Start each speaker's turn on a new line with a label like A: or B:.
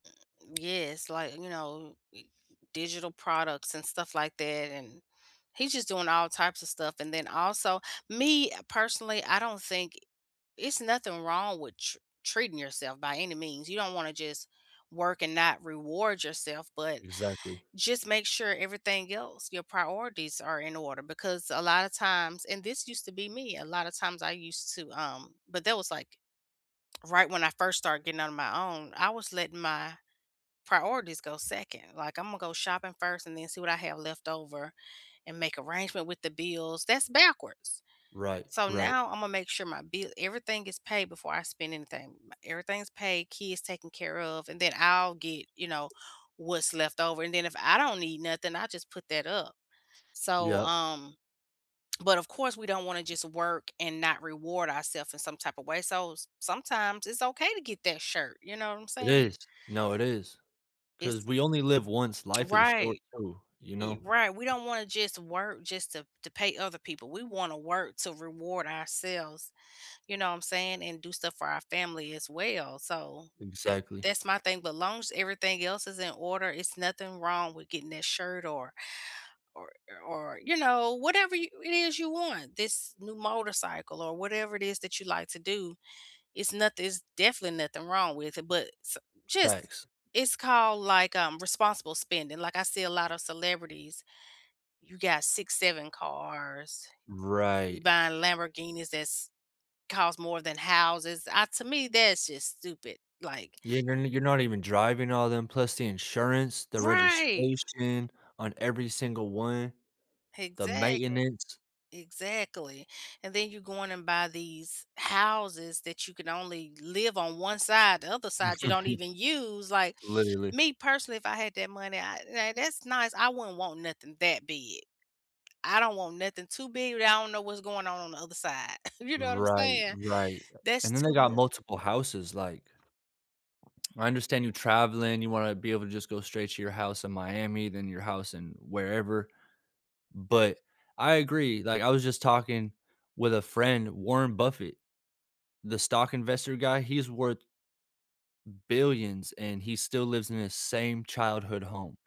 A: Yes. Like, you know, digital products and stuff like that, and he's just doing all types of stuff, and then also me, personally, I don't think it's nothing wrong with tre treating yourself by any means. You don't wanna just work and not reward yourself, but
B: Exactly.
A: just make sure everything else, your priorities are in order because a lotta times and this used to be me, a lotta times I used to, um but that was, like, right when I first started getting out on my own, I was letting my priorities go 2nd. Like, Imma go shopping first and then see what I have left over and make arrangement with the bills. That's backwards,
B: Right.
A: so
B: Right.
A: now Imma make sure my bill everything is paid before I spend anything. M everything's paid, kids taken care of, and then I'll get, you know, what's left over, and then if I don't need nothing, I just put that up, so,
B: Yep.
A: um, but, of course, we don't wanna just work and not reward ourself in some type of way, so s sometimes it's okay to get that shirt, you know what I'm
B: It
A: saying?
B: is. No, it is. 'Cause
A: It's
B: we only live once. Life is short
A: Right.
B: too. You
A: Ye
B: know?
A: right. We don't wanna just work just to to pay other people. We wanna work to reward ourselves. You know what I'm saying? And do stuff for our family as well, so that
B: Exactly.
A: that's my thing. But long as everything else is in order, it's nothing wrong with getting that shirt or or o or, you know, whatever you it is you want. This new motorcycle or whatever it is that you like to do, it's nothin it's definitely nothing wrong with it, but s just
B: Facts.
A: it's called, like, um, responsible spending, like, I see a lot of celebrities you got 6, 7 cars,
B: Right.
A: buying Lamborghinis that's cost more than houses. I To me, that's just stupid. Like
B: Yeah. You're no you're not even driving all them, plus the insurance, the
A: Right.
B: registration on every single one, the
A: Exactly.
B: maintenance.
A: Exactly. And then you go in and buy these houses that you can only live on 1 side, the other side, you don't even use, like,
B: Literally.
A: me, personally, if I had that money, I yeah that's nice. I wouldn't want nothing that big. I don't want nothing too big, where I don't know what's going on on the other side. You know what I'm
B: Right.
A: saying?
B: Right.
A: That's
B: And then they
A: too
B: got
A: much
B: multiple houses, like I understand you traveling. You wanna be able to just go straight to your house in Miami, then your house in wherever, but I agree, like, I was just talking with a friend Warren Buffett, the stock investor guy, he is worth billions, and he still lives in his same childhood home.